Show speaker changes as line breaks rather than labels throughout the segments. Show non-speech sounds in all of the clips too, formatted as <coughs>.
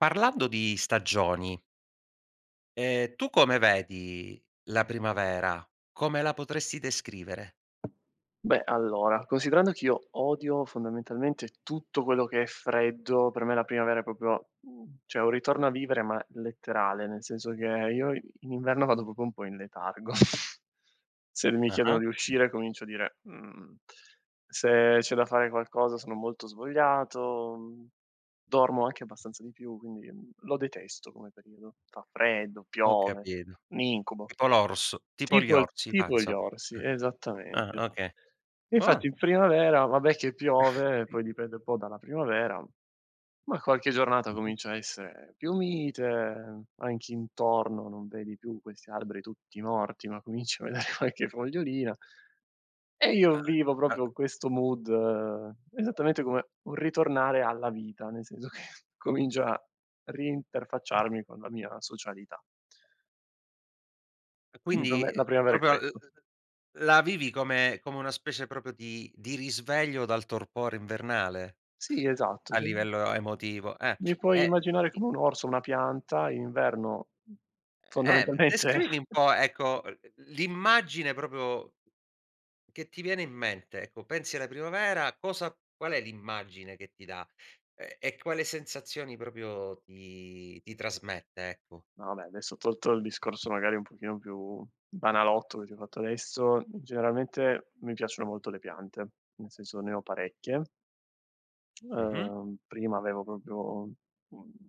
Parlando di stagioni ehm, tu come vedi la primavera? Come la potresti descrivere?
Beh, allora, considerando che io odio fondamentalmente tutto quello che è freddo, per me la primavera è proprio, mhmm cioè un ritorno a vivere ma letterale, nel senso che io i in inverno vado proprio un po' in letargo. <chuckles> Se mi chiedono
Ah-ah.
di uscire comincio a dire: "Mhmm, se c'è da fare qualcosa sono molto svogliato", mhmm, dormo anche abbastanza di più quindi, mhmm, lo detesto come periodo. Fa freddo,
Ho
piove,
capito.
un incubo.
Tipo l'orso tipo gli
Tipo il
orsi va,
tipo gli
insomma,
orsi,
eh. Eh,
esattamente.
okay.
Infatti
Ua
in primavera vabbè che piove e poi
<chuckles>
dipende un po' dalla primavera, ma qualche giornata
Mh-Mh.
comincia a essere più mite, anche intorno non vedi più questi alberi tutti morti ma cominci a vedere qualche fogliolina E io vivo proprio questo mood, esattamente come un ritornare alla vita, nel senso che comincio a ri-interfacciarmi con la mia socialità.
E
Quindi per
quindi
me la
uhm,
primavera è
proprio uhm,
questo.
la vivi come come una specie proprio di di risveglio dal torpore invernale.
Sì esatto,
A
cioè
livello a emotivo, ehm,
Mi puoi
e
immaginare
i
come un orso o una pianta, in inverno
Eh
fondamentalmente
descrivimi un
<chuckles>
po', ecco, l l'immagine proprio che ti viene in mente ecco, pensi alla primavera, cosa qual è l'immagine che ti da? Ehm e quale sensazioni proprio ti ti trasmette, ecco?
No, vabbè adesso tolto il discorso magari un pochino più banalotto, che ti ho fatto adesso, generalmente mi piacciono molto le piante, nel senso, ne ho parecchie
Mh-Mh.
ehm, prima avevo proprio, mhmm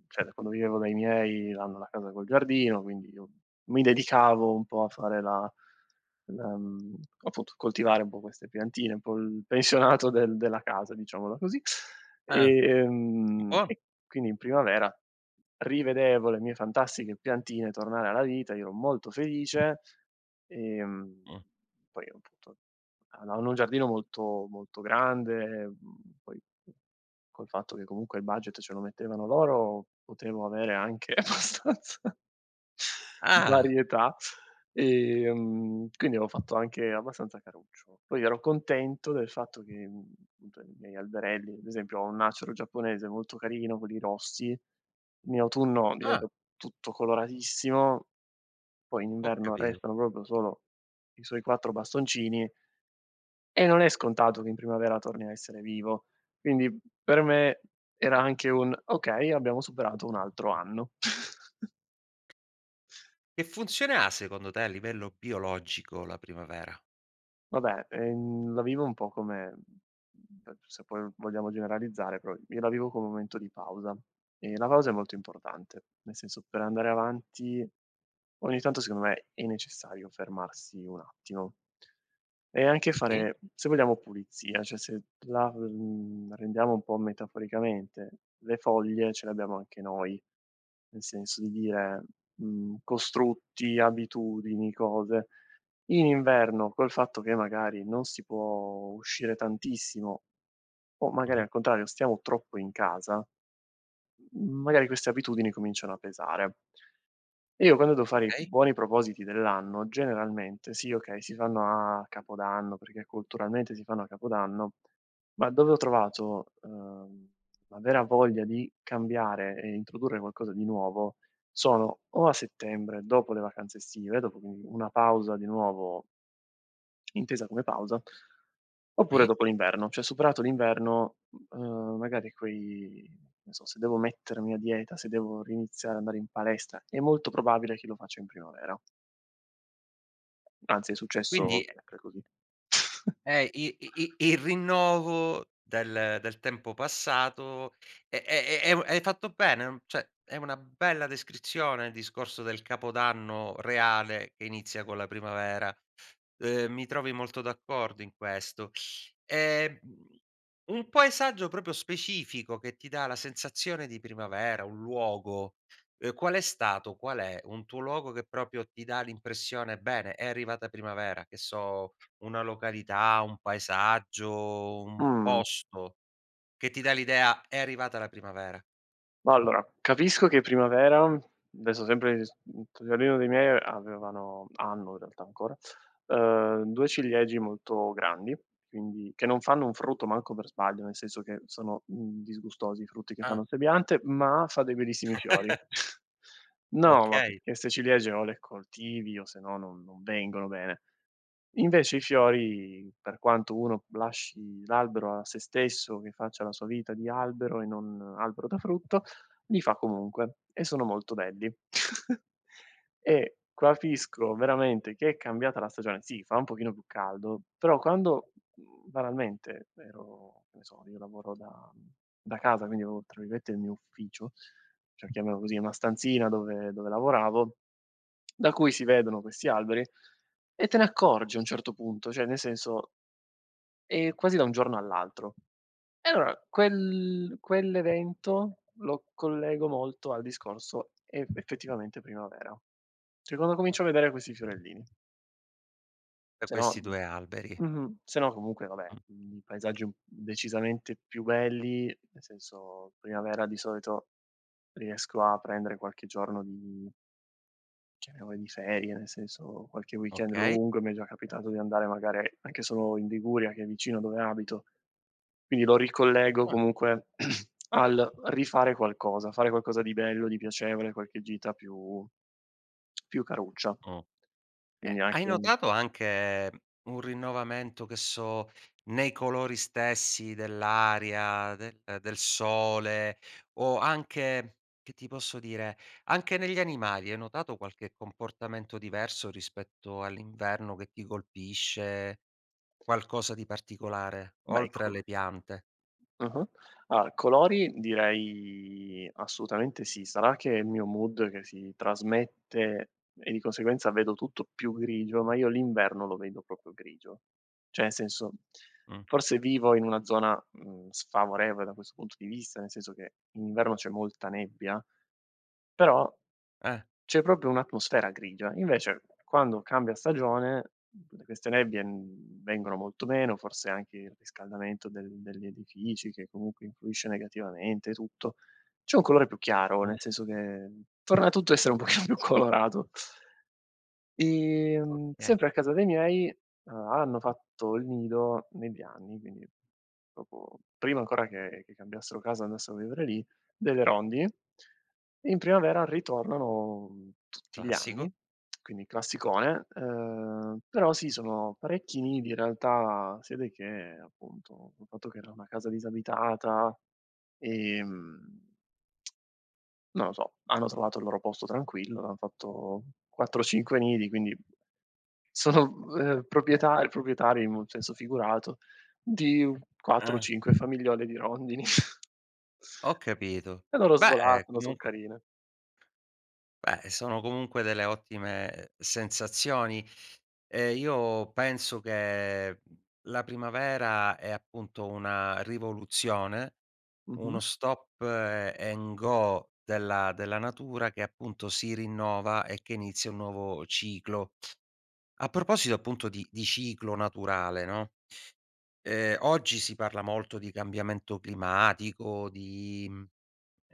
cioè da quando vivevo dai miei hanno la casa col giardino, quindi io mi dedicavo un po' a fare la la mhmm, appunto coltivare un po' queste piantine, un po' il pensionato del della casa, diciamola così,
Ah.
ehm,
Buono.
e quindi in primavera rivedevo le mie fantastiche piantine tornare alla vita, io ero molto felice, ehm,
Mh.
poi appunto ha hanno un giardino molto, molto grande, ehm, poi col fatto che comunque il budget ce lo mettevano loro, potevo avere anche abbastanza
Ah!
varietà, ehm, quindi avo fatto anche abbastanza caruccio. Poi ero contento del fatto che, mhmm, cioè, i miei alberelli, ad esempio, ho un acero giapponese molto carino, quelli rossi, in autunno
Ah!
diventa tutto coloratissimo, poi in
Ho
inverno
capito.
restano proprio solo i suoi 4 bastoncini e non è scontato che in primavera torni a essere vivo. Quindi, per me era anche un: "Okay, abbiamo superato un altro anno". <chuckles>
Che funzione ha secondo te, a livello biologico, la primavera?
Vabbè, ehm, la vivo un po' come- ehm, se poi vogliamo generalizzare- però io la vivo come un momento di pausa, e la pausa è molto importante, nel senso, per andare avanti, ogni tanto secondo me è necessario fermarsi un attimo. E anche
Sì.
fare, se vogliamo, pulizia cioè se t la mhmm, rendiamo un po' metaforicamente, le foglie ce le abbiamo anche noi, nel senso di dire, mhmm, costrutti, abitudini, cose; in inverno col fatto che, magari, non si può uscire tantissimo o magari
Mh-mh.
al contrario, stiamo troppo in casa, mhmm, magari queste abitudini cominciano a pesare. Io, quando do fare i
Okay.
buoni propositi dell'anno, generalmente sì, okay, si fanno a Capodanno, perché culturalmente si fanno a Capodanno, ma dove ho trovato, ehm, la vera voglia di cambiare e introdurre qualcosa di nuovo sono o a settembre, dopo le vacanze estive, dopo, quindi, una pausa di nuovo intesa come pausa, oppure
Sì.
dopo l'inverno, cioè superato l'inverno, ehm, magari quei che ne so, se devo mettermi a dieta, se devo riniziare a andare in palestra, è molto probabile che lo faccia in primavera. Anzi, è successo
Quindi
sempre così. <chuckles>
È i i i il rinnovo del del tempo passato e e e e un e hai fatto bene uhm cioè, è una bella descrizione il discorso del Capodanno reale che inizia con la primavera. Ehm, mi trovi molto d'accordo in questo. Ehm, mhmm, un paesaggio proprio specifico che ti dà la sensazione di primavera, un luogo, ehm, qual è stato? Qual è un tuo luogo che proprio ti dà l'impressione: "Bene, è arrivata primavera", che so, una località, un paesaggio, un
Mhmm.
posto che ti dà l'idea: è arrivata la primavera?
Mah, allora, capisco che è primavera adesso, sempre s mhmm, t giardino dei miei avevano hanno, in realtà, ancora, ehm, 2 ciliegi molto grandi. Quindi che non fanno un frutto manco per sbaglio, nel senso che sono, mhmm, disgustosi i frutti che
Ah.
fanno 'ste piante, ma fa dei bellissimi fiori.
<laughs>
<chuckles> No, ma
Okay.
perché 'ste ciliegie o le coltivi o, se no, non non vengono bene. Invece i fiori, per quanto uno lasci l'albero a se stesso, che faccia la sua vita di albero e non albero da frutto, li fa comunque. E sono molto belli. <chuckles> E capisco veramente che è cambiata la stagione sì, fa un pochino più caldo, però quando, mhmm, banalmente, ero che ne so, io lavoro da da casa, quindi ho, tra virgolette, "il mio ufficio", cioè, chiamiamolo così, una stanzina dove dove lavoravo, <clicks tongue> da cui si vedono questi alberi, e te ne accorgi a un certo punto. Cioè, nel senso è quasi da un giorno all'altro. E allora, quel quell'evento lo collego molto al discorso: è effettivamente primavera. Cioè, quando comincio a vedere questi fiorellini.
Da
Se no
questi 2 alberi.
mh-mh, sennò comunque vabbè,
Mh.
i paesaggi, un decisamente più belli, nel senso primavera, di solito riesco a prendere qualche giorno di chiamiamole di ferie, nel senso, qualche weekend
Okay.
lungo, e mi è già capitato di andare, magari, anche solo in Liguria, che è vicino dove abito, quindi lo ricollego
Ah.
comunque <clears throat> al rifare qualcosa, fare qualcosa di bello, di piacevole, qualche gita più <smacks lips> più caruccia.
Uhm. Ehm,
Quindi
hai
anche un
notato anche un rinnovamento, che so, nei colori stessi dell'aria, del del sole? O anche, che ti posso dire, anche negli animali? Hai notato qualche comportamento diverso rispetto all'inverno, che ti colpisce? Qualcosa di particolare,
Bei
oltre
co
alle piante?
Ah-ah. Allora, colori direi, assolutamente sì. Sarà che è il mio mood che si trasmette e, di conseguenza, vedo tutto più grigio, ma io l'inverno lo vedo proprio grigio. Cioè, senso,
Mh.
forse vivo in una zona, mhmm, sfavorevole da questo punto di vista, nel senso che in inverno c'è molta nebbia, però
Eh.
c'è proprio un'atmosfera grigia. Invece, quando cambia stagione, queste nebbie, mhmm, vengono molto meno forse anche il riscaldamento del degli edifici che, comunque, influisce negativamente e tutto. C'è un colore più chiaro,
Mh.
nel senso che torna tutto a essere un pochino più colorato. Ehm,
Okay.
sempre a casa dei miei, uhm, hanno fatto il nido, negli anni, quindi proprio prima ancora che che cambiassero casa, andassero a vivere lì, delle rondini. In primavera ritornano, mhmm, tutti gli
Classico.
anni, <smacks lips> quindi classicone, ehm, però sì, sono parecchi nidi. In realtà si vede che, appunto, col fatto che era una casa disabitata, ehm <tsk> non lo so. Hanno trovato il loro posto tranquillo, hanno fatto 4 o 5 nidi, quindi sono, ehm, proprieta proprietari in un senso figurato di 4 o
Ah
5 famigliole di rondini. <chuckles>
Ho capito.
E loro
Beh,
svolazzano, so'
comunque
carine.
Beh, sono comunque delle ottime sensazioni e io penso che la primavera è, appunto, una rivoluzione, uno
Mh-mh.
stop a and go della della natura che, appunto, si rinnova e che inizia un nuovo ciclo. A proposito, appunto, di di ciclo naturale, no, ehm, oggi si parla molto di cambiamento climatico, di mhmm,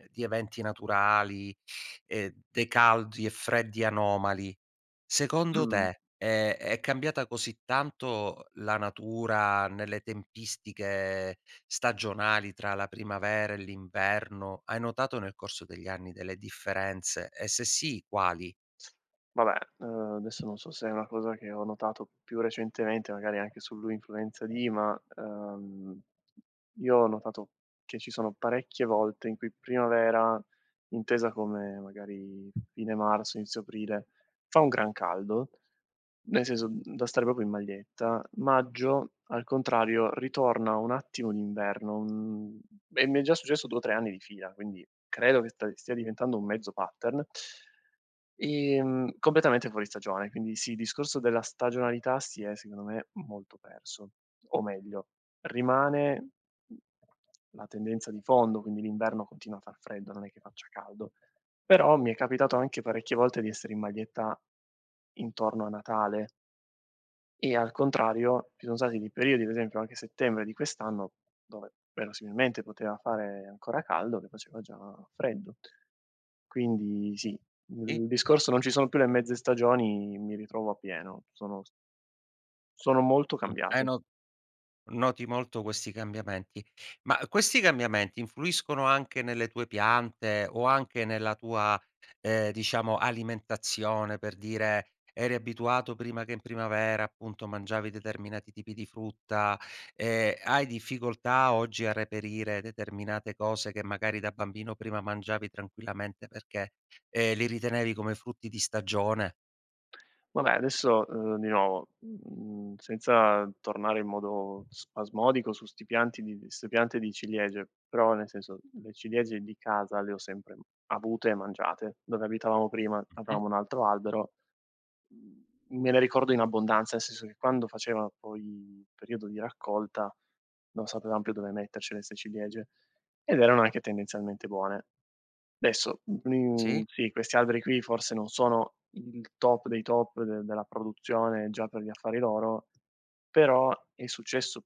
di eventi naturali e dei caldi e freddi anomali. Secondo
Mh.
te, ehm, è cambiata così tanto la natura nelle tempistiche stagionali tra la primavera e l'inverno? Hai notato nel corso degli anni delle differenze e, se sì, quali?
Vabbè, ehm, adesso non so se è una cosa che ho notato più recentemente, magari anche sull'influenza di ma, ehm, io ho notato che ci sono parecchie volte in cui primavera, intesa come, magari, fine marzo, inizio aprile, fa un gran caldo. Nel senso, mhmm, da stare proprio in maglietta. Maggio, al contrario, ritorna un attimo l'inverno, mhmm, e mi è già successo 2 o 3 anni di fila, quindi credo che st stia diventando un mezzo pattern ehm, completamente fuori stagione, quindi, sì, il discorso della stagionalità si è, secondo me, molto perso. O meglio, rimane la tendenza di fondo. Quindi l'inverno continua a far freddo, non è che faccia caldo. Però mi è capitato anche parecchie volte di essere in maglietta intorno a Natale. E al contrario, ci son stati dei periodi, per esempio anche settembre di quest'anno, dove verosimilmente poteva fare ancora caldo, che faceva già freddo. Quindi sì,
I?
il discorso non ci sono più le mezze stagioni mi ritrovo appieno sono s sono molto
Uhm, hai
cambiati.
no noti molto questi cambiamenti. Ma questi cambiamenti influiscono anche nelle tue piante o anche nella tua, ehm, diciamo, alimentazione? Per dire: eri abituato prima che in primavera, appunto, mangiavi determinati tipi di frutta, ehm, hai difficoltà oggi a reperire determinate cose che, magari, da bambino prima mangiavi tranquillamente perché, ehm, li ritenevi come frutti di stagione?
Vabbè, adesso, ehm, di nuovo, uhm, senza tornare in modo spasmodico su 'sti pianti di 'ste piante di ciliegie, però, nel senso, le ciliegie di casa le ho sempre avute e mangiate. Dove abitavamo prima
Mh-mh.
avevamo un altro albero, mhmm, me le ricordo in abbondanza, nel senso che, quando faceva poi periodo di raccolta, non sapevam più dove mettercele 'ste ciliegie, ed erano anche tendenzialmente buone. Adesso, mhmm,
Sì.
sì, questi alberi qui forse non sono il top dei top de della produzione già per gli affari loro, però è successo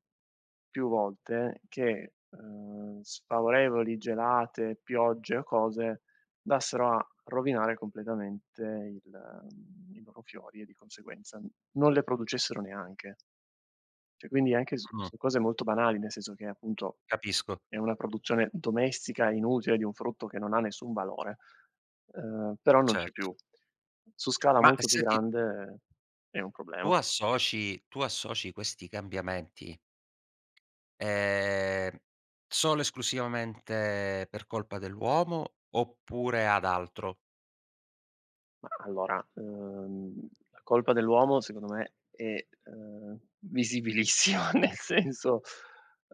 più volte che, ehm, sfavorevoli gelate, piogge o cose andassero a rovinare completamente il i loro fiori e, di conseguenza, non le producessero neanche. Cioè, quindi anche su
Mh.
su cose molto banali, nel senso che, appunto,
Capisco.
è una produzione domestica e inutile, di un frutto che non ha nessun valore, ehm, però non
Cer
c'è più. Su scala
Ma,
molto più
senti
grande, è un
tu
problema.
associ, tu associ questi cambiamenti ehm, solo esclusivamente per colpa dell'uomo, oppure ad altro?
Mah allora, ehm, la colpa dell'uomo secondo me è, ehm, visibilissima, nel senso,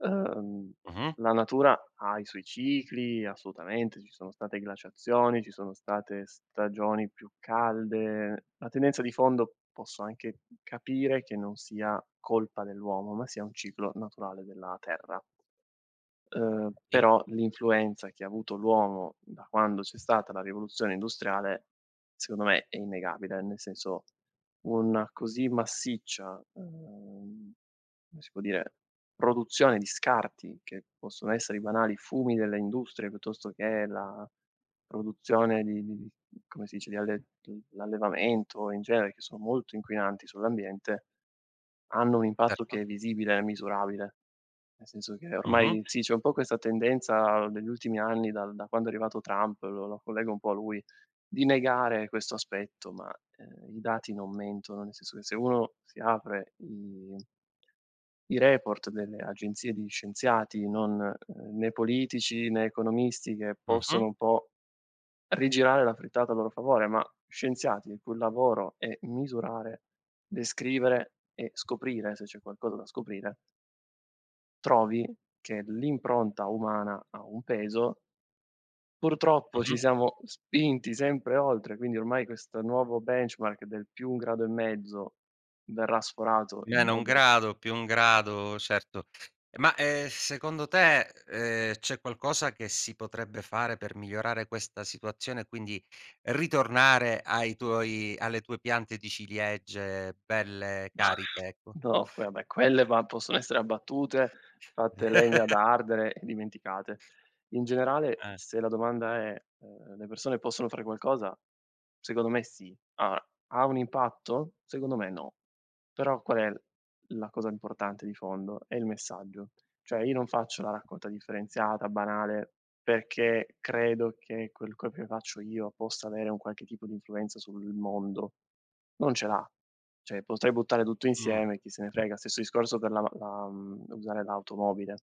ehm,
Mh-mh.
la natura ha i suoi cicli, assolutamente, ci sono state glaciazioni, ci sono state stagioni più calde; la tendenza di fondo, posso anche capire che non sia colpa dell'uomo, ma sia un ciclo naturale della terra. Ehm,
Sì.
però l'influenza che ha avuto l'uomo, da quando c'è stata la rivoluzione industriale, secondo me, è innegabile. Nel senso, una così massiccia, ehm, come si può dire? Produzione di scarti, che possono essere i banali fumi delle industrie, piuttosto che la produzione di di-di come si dice, di alle d l'allevamento in genere, che sono molto inquinanti sull'ambiente, hanno un impatto che
Certo.
è visibile e misurabile. Nel senso che, ormai,
Mh-mh.
sì, c'è un po' questa tendenza degli ultimi anni, dal da quando è arrivato Trump, lo lo collego un po' a lui, di negare questo aspetto, ma, ehm, i dati non mentono. Nel senso che, se uno si apre i i report delle agenzie di scienziati, non, ehm, né politici né economisti, che
Mh-mh.
possono un po' rigirare la frittata a loro favore, ma scienziati, il cui lavoro è misurare, descrivere e scoprire se c'è qualcosa da scoprire trovi che l'impronta umana ha un peso purtroppo, ci
Mh-mh.
siamo spinti sempre oltre, quindi ormai questo nuovo benchmark del +1 e mezzo, verrà sforato in
-1
modo
grado, +1 grado, certo. Ma, ehm, secondo te, ehm, c'è qualcosa che si potrebbe fare per migliorare questa situazione e, quindi, ritornare ai tuoi alle tue piante di ciliegie belle cariche, ecco?
no, poi vabbè, va quelle possono essere abbattute, fatte legna da
<laughs>
ardere e dimenticate. In generale,
Eh.
se la domanda è: ehm, le persone possono fare qualcosa? Secondo me sì. Allora, ha un impatto? Secondo me no. Però qual è la cosa importante di fondo? È il messaggio. Cioè, io non faccio la raccolta differenziata banale, perché credo che quel quel che faccio io possa avere un qualche tipo di influenza sul mondo. Non ce l'ha. Cioè, potrei buttare tutto
Mh.
insieme e chi se ne frega. Stesso discorso per la la mhmm, usare l'automobile.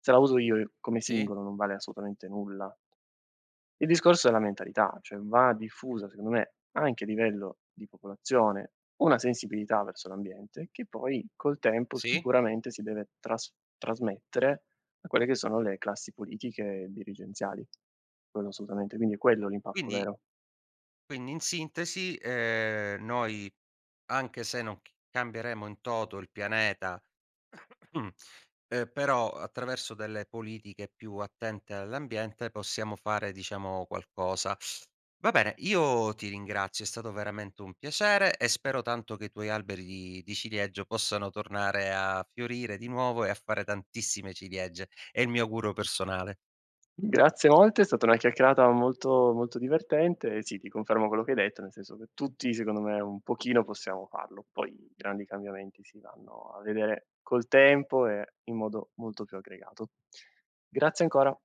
Se la uso io, come
Sì.
singolo, non vale assolutamente nulla. Il discorso è la mentalità, cioè va diffusa, secondo me, anche a livello di popolazione, una sensibilità verso l'ambiente, che poi, col tempo,
Sì.
sicuramente, si deve tras trasmettere a quelle che sono le classi politiche dirigenziali. Quello assolutamente, quindi è quello l'impatto
Quindi
vero.
quindi, in sintesi, ehm, noi, anche se non c cambieremo in toto il pianeta, <coughs> ehm, però, attraverso delle politiche più attente all'ambiente, possiamo fare, diciamo, qualcosa. Va bene, io ti ringrazio, è stato veramente un piacere. E spero tanto che i tuoi alberi di di ciliegio possano tornare a fiorire di nuovo e a fare tantissime ciliegie. È il mio augurio personale.
Grazie molte, è stata una chiacchierata molto, molto divertente, sì ti confermo quello che hai detto, nel senso che tutti, secondo me, un pochino possiamo farlo. Poi i grandi cambiamenti si vanno a vedere col tempo e in modo molto più aggregato. Grazie ancora!